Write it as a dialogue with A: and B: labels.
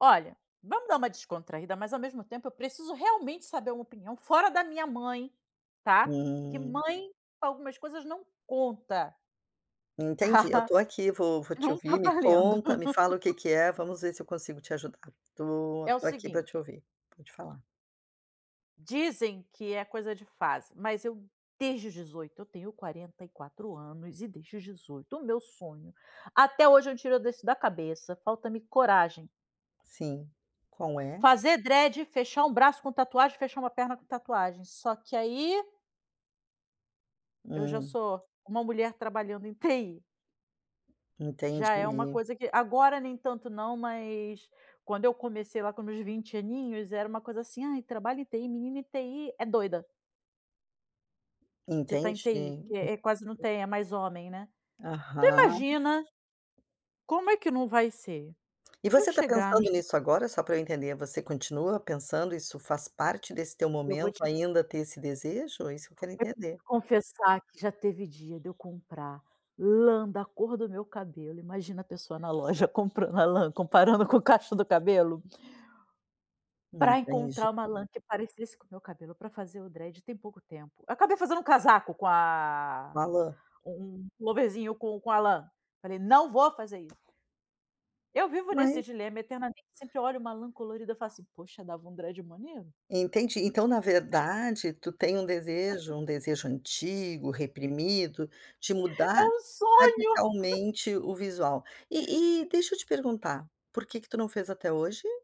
A: Olha, vamos dar uma descontraída, mas ao mesmo tempo eu preciso realmente saber uma opinião fora da minha mãe, tá? Porque
B: Hum.
A: mãe, pra algumas coisas não conta.
B: Entendi, eu
A: Tá?
B: estou aqui. Vou vou te
A: Não está
B: ouvir. Me
A: valendo.
B: conta, me fala o que que é. Vamos ver se eu consigo te ajudar. Estou
A: É o
B: estou aqui para te
A: seguinte
B: ouvir. Pode falar.
A: dizem que é coisa de fase. Mas eu desde os 18 eu tenho 44 anos, e, desde os 18, o meu sonho até hoje eu não tiro disso da cabeça. Falta-me coragem.
B: Sim, qual é?
A: Fazer dread, fechar um braço com tatuagem, fechar uma perna com tatuagem. Só que, aí eu já
B: Hum.
A: sou uma mulher trabalhando em TI. Já é uma
B: Entendi.
A: coisa que agora nem tanto não, mas, quando eu comecei lá com os meus 20 aninhos era uma coisa assim: "Ai, trabalha em TI, menina em TI é doida" "de estar em
B: Entendi.
A: TI", porque, é, quase não tem, é mais homem, né? Então,
B: Aham.
A: imagina, como é que não vai ser
B: E
A: eu
B: você está
A: chegar no
B: pensando
A: escri
B: nisso agora, só para eu entender? Você continua pensando? Isso faz parte desse teu
A: Eu vou
B: momento
A: te
B: ainda ter esse desejo? É isso que
A: vou
B: eu quero
A: te
B: entender.
A: confessar que já teve dia de eu comprar lã da cor do meu cabelo. Imagina a pessoa na loja comprando a lã, comparando com o cacho do cabelo para
B: Entendi.
A: encontrar uma lã que parecesse com o meu cabelo para fazer o dread tem pouco tempo. Eu acabei fazendo um casaco com a
B: Uma lã.
A: um um pulloverzinho com com a lã. Falei: "Não vou fazer isso". Eu vivo
B: Ma
A: nesse dilema eternamente: sempre olho uma lã colorida e falo assim: "Poxa, dava um dread maneiro".
B: Entendi. Então, na verdade, tu tem um desejo, um desejo antigo, reprimido, de
A: É
B: mudar
A: um sonho.
B: radicalmente o visual. E e deixa eu te perguntar, por que que tu não fez até hoje?